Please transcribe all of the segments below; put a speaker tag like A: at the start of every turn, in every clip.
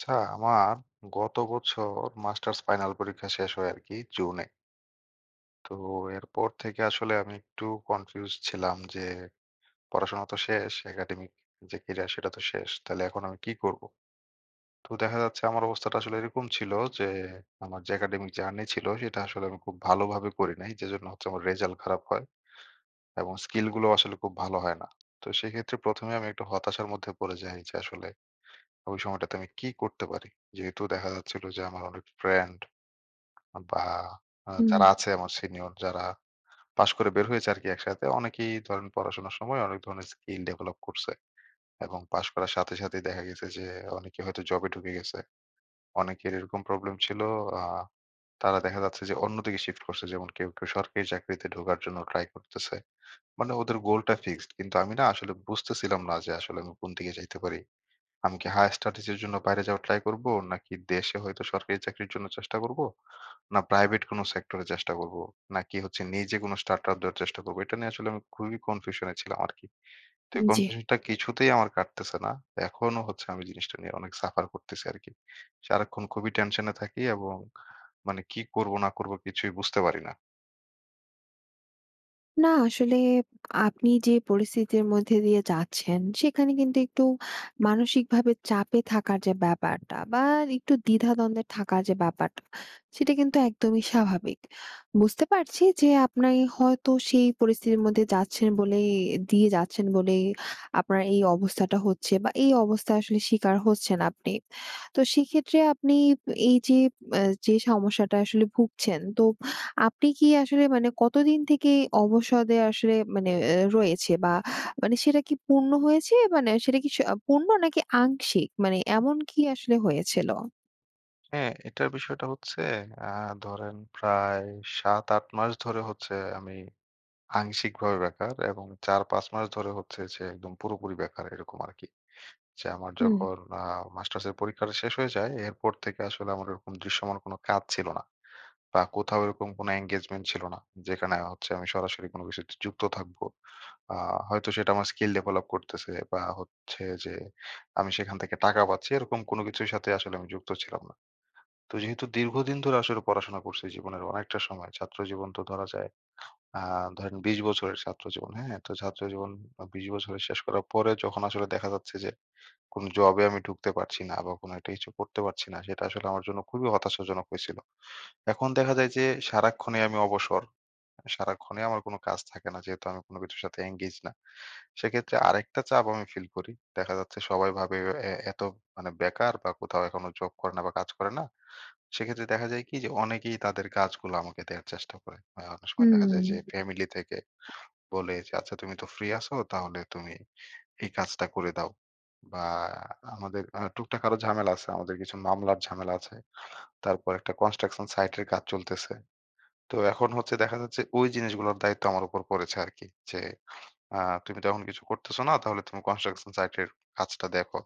A: আচ্ছা, আমার গত বছর মাস্টার্স ফাইনাল পরীক্ষা শেষ হয় আরকি জুনে। তো এরপর থেকে আসলে আমি একটু কনফিউজড ছিলাম যে, "পড়াশোনা তো শেষ। একাডেমিক যে ক্যারিয়ার সেটা তো শেষ। তাইলে এখন আমি কি করবো?" তো দেখা যাচ্ছে আমার অবস্থাটা আসলে এরকম ছিল যে আমার যে একাডেমিক জার্নি ছিল, সেটা আসলে আমি খুব ভালোভাবে করি নাই। যেজন্য হচ্ছে আমার রেজাল্ট খারাপ হয় এবং স্কিলগুলোও আসলে খুব ভালো হয় না। তো সেক্ষেত্রে ১ম এ আমি একটু হতাশার মধ্যে পড়ে যাই যে, আসলে ওই সময়টাতে আমি কি করতে পারি। যেহেতু দেখা যাচ্ছিল যে আমার অনেক ফ্রেন্ড আ বা, আ
B: হুম।
A: যারা আছে, আমার সিনিয়র যারা, পাশ করে বের হয়েছে আরকি একসাথে। অনেকেই ধরেন পড়াশোনার সময় অনেক ধরনের স্কিল ডেভেলপ করছে এবং পাশ করার সাথে, সাথেই দেখা গেছে যে অনেকে হয়তো জবে ঢুকে গেছে। অনেকের এরকম প্রবলেম ছিল। আ তারা দেখা যাচ্ছে যে অন্যদিকে শিফট করছে। যেমন কেউ, কেউ সরকারি চাকরিতে ঢোকার জন্য ট্রাই করতেছে। মানে ওদের গোলটা ফিক্সড। কিন্তু আমি না আসলে বুঝতেছিলাম না যে আসলে আমি কোন দিকে যাইতে পারি। আমি কি higher studies জন্য বাইরে যাওয়ার ট্রাই করবো? নাকি দেশে হয়তো সরকারি চাকরির জন্য চেষ্টা করবো? না প্রাইভেট কোন সেক্টরে চেষ্টা করবো? নাকি হচ্ছে নিজে কোনো start-up দেয়ার চেষ্টা করবো? এটা নিয়ে আসলে আমি খুবই কনফিউশনে ছিলাম আরকি। তো এই
B: জি।
A: কনফিউশনটা কিছুতেই আমার কাটতেছে না। এখনো হচ্ছে আমি জিনিসটা নিয়ে অনেক suffer করতেছি আরকি। সারাক্ষণ খুবই টেনশনে থাকি এবং মানে কি করবো না, করবো? কিছুই বুঝতে পারি না।
B: না আসলে, আপনি যে পরিস্থিতির মধ্যে দিয়ে যাচ্ছেন, সেখানে কিন্তু একটু মানসিকভাবে চাপে থাকার যে ব্যাপারটা বা, আর একটু দ্বিধা-দ্বন্দ্বে থাকার যে ব্যাপারটা, সেটা কিন্তু একদমই স্বাভাবিক। বুঝতে পারছি যে আপনি হয়তো সেই পরিস্থিতির মধ্যে যাচ্ছেন বলেই দিয়ে যাচ্ছেন বলেই আপনার এই অবস্থাটা হচ্ছে বা, এই অবস্থায় আসলে শিকার হচ্ছেন আপনি। তো সেক্ষেত্রে আপনি এইযে, মা যে সমস্যাটা আসলে ভুগছেন তো আপনি কি আসলে মানে কতদিন থেকে অবসাদে আসলে মানে এ রয়েছে? বা, মানে সেটা কি পূর্ণ হয়েছে? মানে সেটা কি স পূর্ণ নাকি আংশিক? মানে এমন কি আসলে হয়েছিল?
A: হ্যাঁ, এটার বিষয়টা হচ্ছে অ্যা ধরেন প্রায় ৭, ৮ মাস ধরে হচ্ছে আমি আংশিকভাবে বেকার এবং ৪, ৫ মাস ধরে হচ্ছে যে একদম পুরোপুরি বেকার, এরকম আরকি। যে আমার
B: হুম।
A: যখন অ্যা মাস্টার্সের পরীক্ষাটা শেষ হয়ে যায়, এরপর থেকে আসলে আমার এরকম দৃশ্যমান কোন কাজ ছিল না। বা, কোথাও এরকম কোন engagement ছিল না। যেখানে আ হচ্ছে আমি সরাসরি কোন কিছুতে যুক্ত থাকবো। আ হয়তো সেটা আমার স্কিল ডেভেলপ করতেছে বা, হচ্ছে যে আমি সেখান থেকে টাকা পাচ্ছি। এরকম কোন কিছুর সাথে আসলে আমি যুক্ত ছিলাম না। তো যেহেতু দীর্ঘদিন ধরে আসলে পড়াশোনা করছি, জীবনের অনেকটা সময় ছাত্র জীবন তো ধরা যায়। অ্যা ধরেন ২০ বছরের ছাত্র জীবন। হ্যাঁ? তো ছাত্র জীবন আ ২০ বছরের শেষ করার পরে যখন আসলে দেখা যাচ্ছে যে কোন জবে আমি ঢুকতে পারছি না বা, কোনো একটা কিছু করতে পারছি না, সেটা আসলে আমার জন্য খুবই হতাশাজনক হইছিলো। এখন দেখা যায় যে সারাক্ষণেই আমি অবসর। সারাক্ষণেই আমার কোন কাজ থাকে না, যেহেতু আমি কোন কিছুর সাথে engage না। সেক্ষেত্রে আরেকটা চাপ আমি ফিল করি। দেখা যাচ্ছে সবাই ভাবে, "এ এ তো মানে বেকার বা, কোথাও এখনো জব করে না বা, কাজ করে না।" সেক্ষেত্রে দেখা যায় কি? যে অনেকেই তাদের কাজগুলো আমাকে দেওয়ার চেষ্টা করে। আ অনেক সময় দেখা
B: হুম।
A: যায় যে ফ্যামিলি থেকে বলে যে, "আচ্ছা, তুমি তো ফ্রি আছো। তাহলে তুমি এই কাজটা করে দাও।" বা, আমাদের আ টুকটাক আরো ঝামেলা আছে। আমাদের কিছু মামলার ঝামেলা আছে। তারপর একটা construction site এর কাজ চলতেছে। তো এখন হচ্ছে দেখা যাচ্ছে ঐ জিনিসগুলোর দায়িত্ব আমার উপর পড়েছে আরকি যে, "আ তুমি তো এখন কিছু করতেছ না, তাহলে তুমি construction site এর কাজটা দেখো,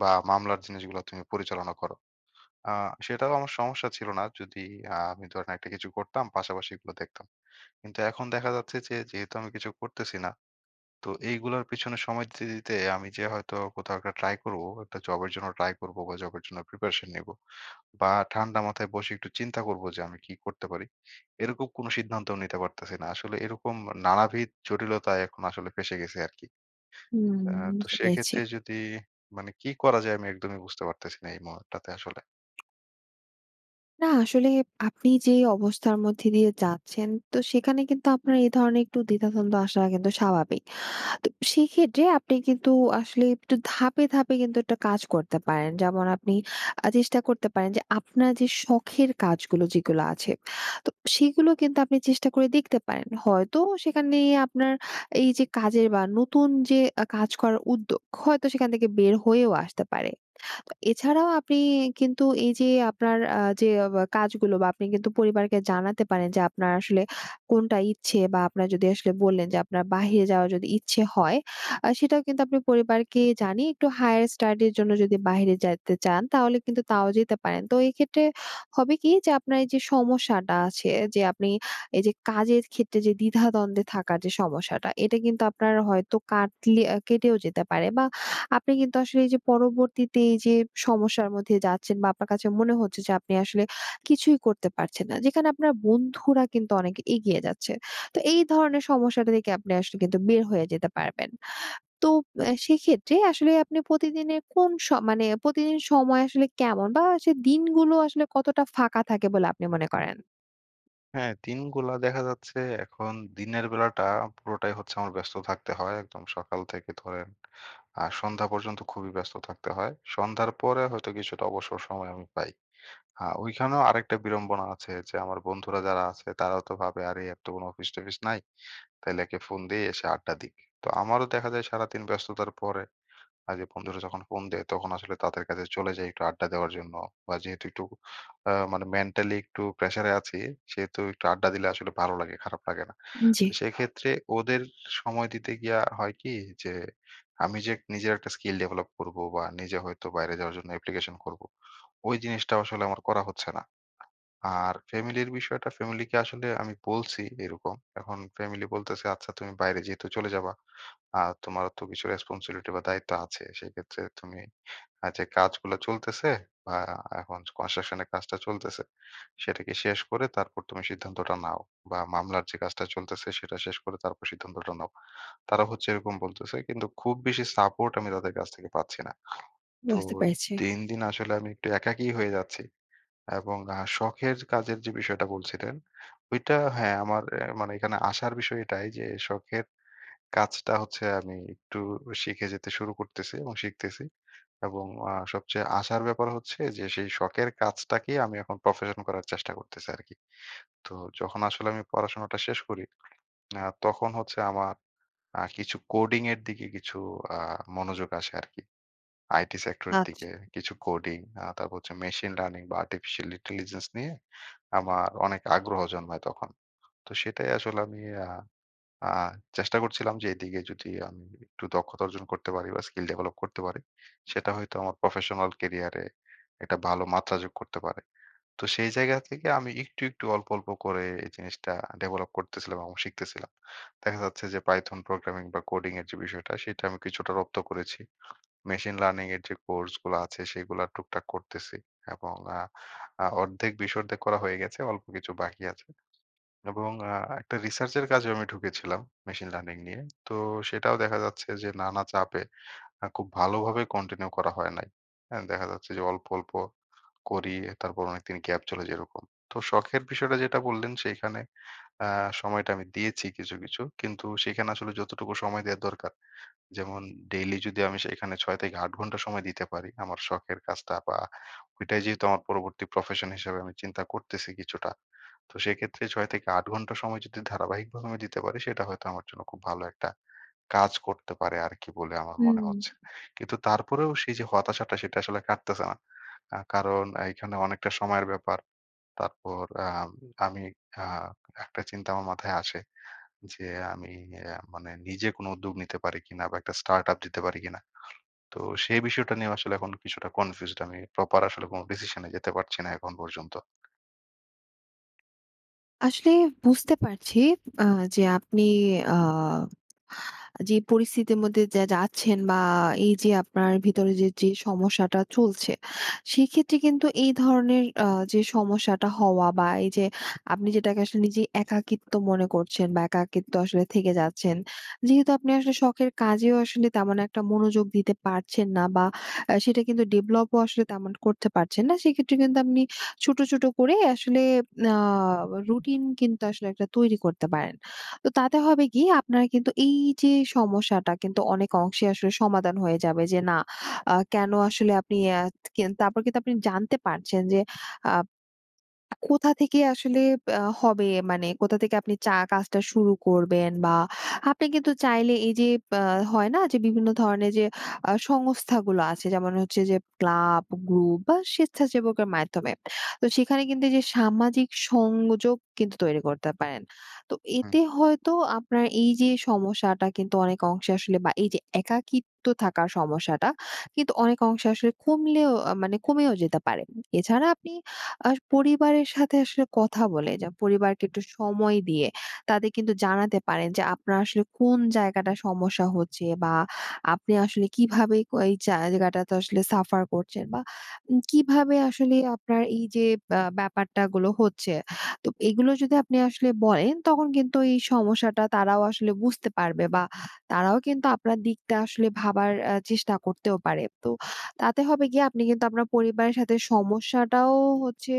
A: বা মামলার জিনিসগুলা তুমি পরিচালনা করো।" আ সেটাও আমার সমস্যা ছিল না। যদি আ আমি ধরেন একটা কিছু করতাম, পাশাপাশি এগুলো দেখতাম। কিন্তু এখন দেখা যাচ্ছে যে যেহেতু আমি কিছু করতেছি না। তো এইগুলোর পেছনে সময় দিতে, দিতে আমি যে হয়তো কোথাও একটা ট্রাই করবো, একটা জবের জন্য ট্রাই করবো বা, জবের জন্য প্রিপারেশন নিবো বা, ঠান্ডা মাথায় বসে একটু চিন্তা করবো যে, "আমি কি করতে পারি?" এরকম কোন সিদ্ধান্তও নিতে পারতেছি না। আসলে এরকম নানাবিধ জটিলতায় এখন আসলে ফেঁসে গেছি আরকি।
B: হুম,
A: আ তো
B: বুঝতে পেরেছি।
A: সেক্ষেত্রে যদি মানে কি করা যায়? আমি একদমই বুঝতে পারতেছি না এই মুহূর্তটাতে আসলে।
B: না, আসলে আপনি যে অবস্থার মধ্যে দিয়ে যাচ্ছেন, তো সেখানে কিন্তু আপনার এই ধরনের একটু দ্বিধা-দ্বন্দ্ব আসাটা কিন্তু স্বাভাবিক। তো সেক্ষেত্রে আপনি কিন্তু আসলে একটু ধাপে, ধাপে কিন্তু একটা কাজ করতে পারেন। যেমন আপনি আ চেষ্টা করতে পারেন যে আপনার যে শখের কাজগুলো, যেগুলো আছে। তো সেগুলো কিন্তু আপনি চেষ্টা করে দেখতে পারেন। হয়তো সেখানে আপনার এইযে কাজের বা, নতুন যে আ কাজ করার উদ্যোগ, হয়তো সেখান থেকে বের হয়েও আসতে পারে। তো এছাড়াও আপনি কিন্তু এইযে আপনার আ যে অব কাজগুলো, বা আপনি কিন্তু পরিবারকে জানাতে পারেন যে আপনার আসলে কোনটা ইচ্ছে। বা, আপনার যদি আসলে বললেন যে, আপনার বাহিরে যাওয়ার যদি ইচ্ছে হয়, আ সেটাও কিন্তু আপনি পরিবারকে জানিয়ে একটু higher study র জন্য যদি বাহিরে যাইতে চান, তাহলে কিন্তু তাও যেতে পারেন। তো এইক্ষেত্রে হবে কি? যে আপনার এইযে সমস্যাটা আছে, যে আপনি এইযে কাজের ক্ষেত্রে যে দ্বিধা-দ্বন্দ্বে থাকার যে সমস্যাটা, এটা কিন্তু আপনার হয়তো কাটলে এ কেটেও যেতে পারে। বা, আপনি কিন্তু আসলে এইযে পরবর্তীতে এইযে সমস্যার মধ্যে যাচ্ছেন। বা, আপনার কাছে মনে হচ্ছে যে আপনি আসলে কিছুই করতে পারছেন না। যেখানে আপনার বন্ধুরা কিন্তু অনেক এগিয়ে যাচ্ছে। তো এই ধরনের সমস্যাটা থেকে আপনি আসলে কিন্তু বের হয়ে যেতে পারবেন। তো অ্যা সেক্ষেত্রে আসলে আপনি প্রতিদিনের কোন স মানে প্রতিদিন সময় আসলে কেমন? বা, সে দিনগুলো আসলে কতটা ফাঁকা থাকে বলে আপনি মনে করেন?
A: হ্যাঁ, দিনগুলা দেখা যাচ্ছে এখন দিনের বেলাটা পুরোটাই হচ্ছে আমার ব্যস্ত থাকতে হয়। একদম সকাল থেকে ধরেন আ সন্ধ্যা পর্যন্ত খুবই ব্যস্ত থাকতে হয়। সন্ধ্যার পরে হয়তো কিছুটা অবসর সময় আমি পাই। আ ওইখানেও আরেকটা বিড়ম্বনা আছে যে, আমার বন্ধুরা যারা আছে, তারাও তো ভাবে, "আরে, এর তো কোন অফিস-টফিস নাই। তাইলে একে ফোন দিই, এসে আড্ডা দিক।" তো আমারও দেখা যায় সারাদিন ব্যস্ততার পরে আ যে বন্ধুরা যখন ফোন দেয়, তখন আসলে তাদের কাছে চলে যাই একটু আড্ডা দেওয়ার জন্য। বা, যেহেতু একটু আ মানে মেন্টালি একটু প্রেশারে আছি, সেহেতু একটু আড্ডা দিলে আসলে ভালো লাগে, খারাপ লাগে না।
B: উ জি।
A: তো সেক্ষেত্রে ওদের সময় দিতে গিয়া হয় কি? যে আমি যে নিজের একটা স্কিল ডেভেলপ করবো বা, নিজে হয়তো বাইরে যাওয়ার জন্য অ্যাপ্লিকেশন করবো, ওই জিনিসটা আসলে আমার করা হচ্ছে না। আর ফ্যামিলির বিষয়টা ফ্যামিলিকে আসলে আমি বলছি এরকম। এখন ফ্যামিলি বলতেছে, "আচ্ছা তুমি বাইরে যেহেতু চলে যাবা। আর তোমারও তো কিছু রেসপনসিবিলিটি বা, দায়িত্ব আছে। সেক্ষেত্রে তুমি আ যে কাজগুলো চলতেছে বা, এখন construction এর কাজটা চলতেছে, সেটাকে শেষ করে তারপর তুমি সিদ্ধান্তটা নাও। বা, মামলার যে কাজটা চলতেছে সেটা শেষ করে তারপর সিদ্ধান্তটা নাও।" তারা হচ্ছে এরকম বলতেছে। কিন্তু খুব বেশি সাপোর্ট আমি তাদের কাছ থেকে পাচ্ছি না। তো
B: বুঝতে পেরেছি।
A: দিন, দিন আসলে আমি একটু একাকী হয়ে যাচ্ছি। এবং আ শখের কাজের যে বিষয়টা বলছিলেন, ওইটা হ্যাঁ, আমার এ মানে এখানে আশার বিষয় এটাই যে শখের কাজটা হচ্ছে আমি একটু শিখে যেতে শুরু করতেছি এবং শিখতেছি। এবং আ সবচেয়ে আশার ব্যাপার হচ্ছে যে সেই শখের কাজটাকে আমি এখন প্রফেশন করার চেষ্টা করতেছি আরকি। তো যখন আসলে আমি পড়াশোনাটা শেষ করি, আ তখন হচ্ছে আমার আ কিছু coding এর দিকে কিছু আ মনোযোগ আসে আরকি। IT সেক্টরের দিকে,
B: আচ্ছা।
A: আ কিছু coding, আ তারপর হচ্ছে machine learning বা, artificial intelligence নিয়ে আমার অনেক আগ্রহ জন্মায় তখন। তো সেটাই আসলে আমি আ আ চেষ্টা করছিলাম যে, এদিকে যদি আমি একটু দক্ষতা অর্জন করতে পারি বা, স্কিল ডেভেলপ করতে পারি, সেটা হয়তো আমার প্রফেশনাল ক্যারিয়ারে একটা ভালো মাত্রা যোগ করতে পারে। তো সেই জায়গা থেকে আমি একটু, একটু অল্প ,অল্প করে এই জিনিসটা ডেভেলপ করতেছিলাম এবং শিখতেছিলাম। দেখা যাচ্ছে যে, python programming বা, coding এর যে বিষয়টা, সেটা আমি কিছুটা রপ্ত করেছি। machine learning এর যে কোর্সগুলো আছে, সেগুলো টুকটাক করতেসি। এবং আ আ অর্ধেক বেশ অর্ধেক করা হয়ে গেছে। অল্প কিছু বাকি আছে। এবং আ একটা রিসার্চের কাজেও আমি ঢুকেছিলাম machine learning নিয়ে। তো সেটাও দেখা যাচ্ছে যে নানা চাপে অ্যা খুব ভালোভাবে continue করা হয় নাই। হ্যাঁ ,দেখা যাচ্ছে যে অল্প, অল্প করি। তারপর অনেকদিন গ্যাপ চলে যেরকম। তো শখের বিষয়টা যেটা বললেন, সেখানে আ সময়টা আমি দিয়েছি কিছু, কিছু। কিন্তু সেখানে আসলে যতটুকু সময় দেয়ার দরকার যেমন ডেইলি যদি আমি সেখানে ৬-৮ ঘণ্টা সময় দিতে পারি, আমার শখের কাজটা বা, ওইটাই যেহেতু আমার পরবর্তী প্রফেশন হিসেবে আমি চিন্তা করতেছি কিছুটা। তো সেক্ষেত্রে ৬-৮ ঘন্টা সময় যদি ধারাবাহিকভাবে আমি দিতে পারি, সেটা হয়তো আমার জন্য খুব ভালো একটা কাজ করতে পারে আরকি বলে আমার মনে
B: হুম।
A: হচ্ছে। কিন্তু তারপরেও সেই যে হতাশাটা, সেটা আসলে কাটতেছে না। অ্যা কারণ এখানে অনেকটা সময়ের ব্যাপার। তারপর আম আমি আ একটা চিন্তা আমার মাথায় আসে। যে আমি আ মানে নিজে কোন উদ্যোগ নিতে পারি কিনা বা, একটা start-up দিতে পারি কিনা? তো সেই বিষয়টা নিয়ে আসলে এখন কিছুটা কনফিউজড। আমি প্রপার আসলে কোন ডিসিশনে যেতে পারছি না এখন পর্যন্ত।
B: আসলে বুঝতে পারছি, আ যে আপনি আ আ যে পরিস্থিতির মধ্যে যা যাচ্ছেন, বা এই যে আপনার ভিতরে যে, যে সমস্যাটা চলছে। সেক্ষেত্রে কিন্তু এই ধরনের আ যে সমস্যাটা হওয়া, বা এই যে আপনি যেটাকে আসলে নিজে একাকিত্ব মনে করছেন, বা একাকিত্ব আসলে থেকে যাচ্ছেন। যেহেতু আপনি আসলে শখের কাজেও আসলে তেমন একটা মনোযোগ দিতে পারছেন না, বা আ সেটা কিন্তু ডেভেলপ ও আসলে তেমন করতে পারছেন না। সেক্ষেত্রে কিন্তু আপনি ছোট, ছোট করে আসলে আ রুটিন কিন্তু আসলে একটা তৈরি করতে পারেন। তো তাতে হবে কি? আপনার কিন্তু এই যে সমস্যাটা কিন্তু অনেক অংশে আসলে সমাধান হয়ে যাবে, যে না আ কেন আসলে আপনি, আত তারপর কিন্তু আপনি জানতে পারছেন, যে আব কোথা থেকে আসলে বা হবে, মানে কোথা থেকে আপনি চা কাজটা শুরু করবেন, বা আপনি কিন্তু চাইলে, এই যে বা হয় না? যে বিভিন্ন ধরনের যে আ সংস্থাগুলো আছে, যেমন হচ্ছে যে ক্লাব গ্রুপ, বা স্বেচ্ছাসেবকের মাধ্যমে। তো সেখানে কিন্তু যে সামাজিক সংযোগ কিন্তু তৈরি করতে পারেন। তো
A: হুম।
B: এতে হয়তো আপনার এই যে সমস্যাটা কিন্তু, অনেক অংশে আসলে বা এই যে একাকিত্ব থাকার সমস্যাটা, কিন্তু অনেক অংশে আসলে কমলেও আ মানে কমেও যেতে পারে। এছাড়া আপনি আ পরিবারের সাথে আসলে কথা বলে, যে পরিবারকে একটু সময় দিয়ে তাদের কিন্তু জানাতে পারেন, যে আপনার আসলে কোন জায়গাটা সমস্যা হচ্ছে, বা আপনি আসলে কিভাবে ক এই জায়গাটাতে আসলে সাফার করছেন, বা উ কিভাবে আসলে আপনার এই যে আ ব্যাপারটা গুলো হচ্ছে। তো এগুলো যদি আপনি আসলে বলেন, তখন কিন্তু এই সমস্যাটা তারাও আসলে বুঝতে পারবে, বা তারাও কিন্তু আপনার দিকটা আসলে ভাবার এ চেষ্টা করতেও পারে। তো তাতে হবে গিয়ে, আপনি কিন্তু আপনার পরিবারের সাথে সমস্যাটাও হচ্ছে,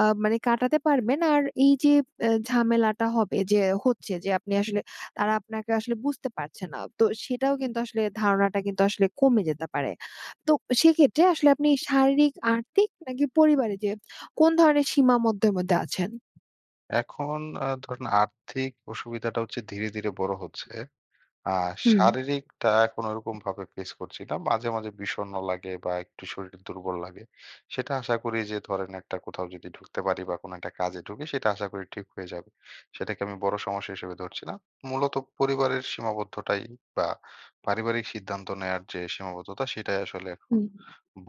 B: আ মানে কাটাতে পারবেন। আর এই যে এ ঝামেলাটা হবে যে হচ্ছে, যে আপনি আসলে তারা আপনাকে আসলে বুঝতে পারছে না। তো সেটাও কিন্তু আসলে ধারণাটা কিন্তু আসলে কমে যেতে পারে। তো সেক্ষেত্রে আসলে আপনি শারীরিক, আর্থিক, নাকি পরিবারে যে কোন ধরনের সীমার মধ্যে, মধ্যে আছেন?
A: এখন আ ধরেন আর্থিক অসুবিধাটা হচ্ছে ধীরে, ধীরে বড়ো হচ্ছে। আ
B: হুম।
A: শারীরিকটা এখন ওরকমভাবে ফেস করছি না। মাঝে, মাঝে বিষন্ন লাগে, বা একটু শরীর দুর্বল লাগে। সেটা আশা করি যে ধরেন, একটা কোথাও যদি ঢুকতে পারি, বা কোন একটা কাজে ঢুকি সেটা আশা করি ঠিক হয়ে যাবে। সেটাকে আমি বড় সমস্যা হিসেবে ধরছি না। মূলত পরিবারের সীমাবদ্ধতাই, বা পারিবারিক সিদ্ধান্ত নেয়ার যে সীমাবদ্ধতা সেটাই আসলে এখন
B: হুম।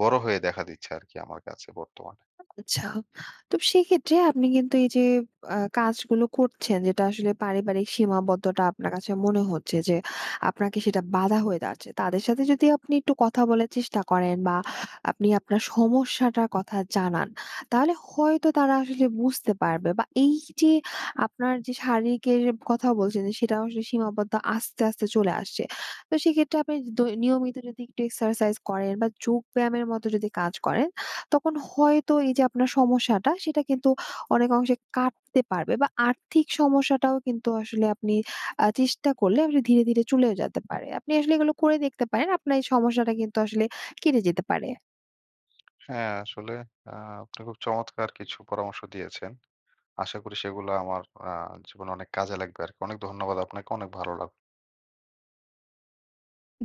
A: বড়ো হয়ে দেখা দিচ্ছে আরকি, আমার কাছে বর্তমানে।
B: আচ্ছা। তো সেক্ষেত্রে আপনি কিন্তু এই যে, আ কাজগুলো করছেন, যেটা আসলে পারিবারিক সীমাবদ্ধটা আপনার কাছে মনে হচ্ছে যে আপনাকে সেটা বাধা হয়ে দাঁড়াচ্ছে। তাদের সাথে যদি আপনি একটু কথা বলার চেষ্টা করেন, বা আপনি আপনার সমস্যাটার কথা জানান, তাহলে হয়তো তারা আসলে বুঝতে পারবে, বা এই যে আপনার যে শারীরিকের কথা বলছেন, যে সেটা আসলে সীমাবদ্ধ আস্তে, আস্তে চলে আসছে। তো সেইক্ষেত্রে আপনি দৈ নিয়মিত যদি একটু এক্সারসাইজ করেন, বা যোগ ব্যায়ামের মতো যদি কাজ করেন, তখন হয়তো এই যে আপনার সমস্যাটা সেটা কিন্তু অনেক অংশে কাটতে পারবে, বা আর্থিক সমস্যাটাও কিন্তু আসলে আপনি আ চেষ্টা করলে ধীরে, ধীরে চলেও যেতে পারে। আপনি আসলে এগুলো করে দেখতে পারেন। আপনার এই সমস্যাটা কিন্তু আসলে কেটে যেতে পারে।
A: হ্যাঁ, আসলে আ আপনি খুব চমৎকার কিছু পরামর্শ দিয়েছেন। আশা করি সেগুলো আমার আ জীবনে অনেক কাজে লাগবে আরকি। অনেক ধন্যবাদ আপনাকে। অনেক ভালো লাগলো।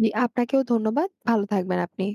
B: জি, আপনাকেও ধন্যবাদ। ভালো থাকবেন আপনি।